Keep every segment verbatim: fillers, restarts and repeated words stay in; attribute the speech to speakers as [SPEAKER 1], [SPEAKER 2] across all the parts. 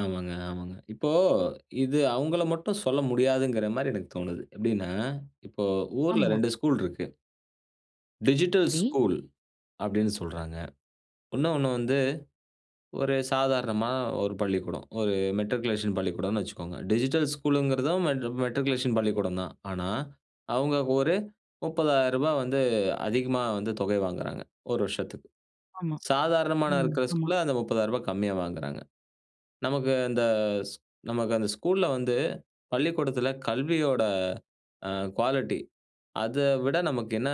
[SPEAKER 1] ஆமாங்க, ஆமாங்க. இப்போ இது அவங்கள மட்டும் சொல்ல முடியாதுங்கற மாரி எனக்கு தோணுது. எப்படின்னா, இப்போ ஊர்ல
[SPEAKER 2] ஆமா.
[SPEAKER 1] ரெண்டு ஸ்கூல் இருக்கு. டிஜிட்டல்
[SPEAKER 2] சரி.
[SPEAKER 1] ஸ்கூல் அப்படின்னு சொல்றாங்க. இன்னொன்னு வந்து, ஒரு சாதாரணமா ஒரு பள்ளிக்கூடம். ஒரு மெட்ரிகுலேஷன் பள்ளிக்கூடம்னு வெச்சுக்கோங்க. டிஜிட்டல் ஸ்கூல்ங்கிறதும் மெட் மெட்ரிகுலேஷன் பள்ளிக்கூடம் தான். ஆனா, அவங்க ஒரு முப்பதாயிரம் ரூபாய் வந்து அதிகமா வந்து தொகை வாங்குறாங்க, ஒரு வருஷத்துக்கு.
[SPEAKER 2] ஆமா,
[SPEAKER 1] சாதாரணமான
[SPEAKER 2] ம்.
[SPEAKER 1] இருக்கிற
[SPEAKER 2] ஆமா.
[SPEAKER 1] ஸ்கூல்ல அந்த முப்பதாயிரம் ரூபாய் கம்மியா வாங்குறாங்க. நமக்கு அந்த ஸ் நமக்கு அந்த ஸ்கூல்ல வந்து, பள்ளிக்கூடத்தில கல்வியோட, அ, குவாலிட்டி. அத விட நமக்கு என்ன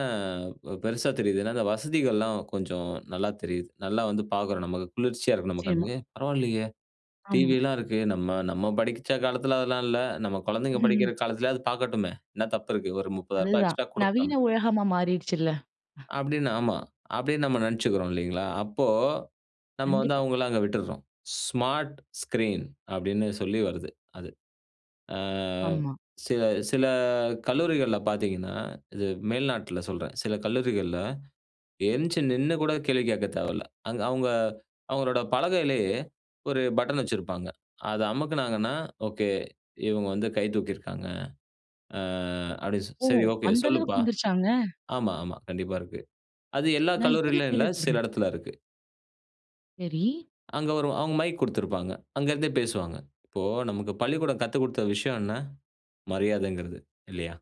[SPEAKER 1] அ பெருசா தெரியுது. ஏன்னா, இந்த வசதிகள் எல்லாம் கொஞ்சம் நல்லா தெரியுது. நல்லா வந்து பாக்கறோம். நமக்கு குளிர்ச்சியா இருக்கு, நம்ம
[SPEAKER 2] நிச்சியமா.
[SPEAKER 1] கண்ணுக்கு. "பரவாயில்லையே, டிவி
[SPEAKER 2] ஆம்.
[SPEAKER 1] எல்லாம் இருக்கு. நம்ம நம்ம படிச்ச காலத்துல அதெல்லாம் இல்லை. நம்ம குழந்தைங்க படிக்கிற காலத்துலயாவது பாக்கட்டுமே. என்ன தப்பு இருக்கு. ஒரு முப்பதாயிரம் ரூபாய்
[SPEAKER 2] அதுதான்
[SPEAKER 1] எக்ஸ்ட்ரா
[SPEAKER 2] நவீன
[SPEAKER 1] கொடுக்கலாமே."
[SPEAKER 2] உலகமா மாறிருச்சுல்ல, அ.
[SPEAKER 1] அப்படின்னு ஆமா. அப்படின்னு நம்ம நெனைச்சுக்கிறோம், இல்லீங்களா, அப்போ நம்ம வந்து
[SPEAKER 2] கண்டிப்பா.
[SPEAKER 1] அவங்கள அங்க விட்டுருறோம். ஸ்மார்ட் ஸ்கிரீன் அப்படின்னு சொல்லி வருது. அது ஆ,
[SPEAKER 2] ஆமா.
[SPEAKER 1] சில சில கல்லூரிகள்ல பார்த்தீங்கன்னா, இது மேல்நாட்ல சொல்றேன், சில கல்லூரிகள்ல என்ச்சி நின்னு கூட கேள்வி கேட்க தேவையில்ல. அங்க அவங்க அவங்களோட பலகையிலயே ஒரு பட்டன் வெச்சிருப்பாங்க. அதை அமுக்குனாங்கன்னா, ஓகே, இவங்க வந்து கை தூக்கியிருக்காங்க. அ அப்படி
[SPEAKER 2] ஓ!
[SPEAKER 1] சரி. ஓகே.
[SPEAKER 2] அந்த அளவுக்கு
[SPEAKER 1] சொல்லுப்பா.
[SPEAKER 2] வந்துருச்சாங்க?
[SPEAKER 1] ஆமா, ஆமா. கண்டிப்பா இருக்கு. அது எல்லா
[SPEAKER 2] நான் இப்போ தான்
[SPEAKER 1] கல்லூரியிலும் இல்ல. சில
[SPEAKER 2] கேள்விப்படுறேன்.
[SPEAKER 1] இடத்துல இருக்கு.
[SPEAKER 2] செரி.
[SPEAKER 1] அங்க ஒரு அவங்க மைக் கொடுத்திருப்பாங்க, அங்க இருந்தே பேசுவாங்க. இப்போ நமக்கு பள்ளிக்கூடம் கத்துக் கொடுத்த விஷயம் என்ன? மரியாதைங்கிறது. இல்லையா?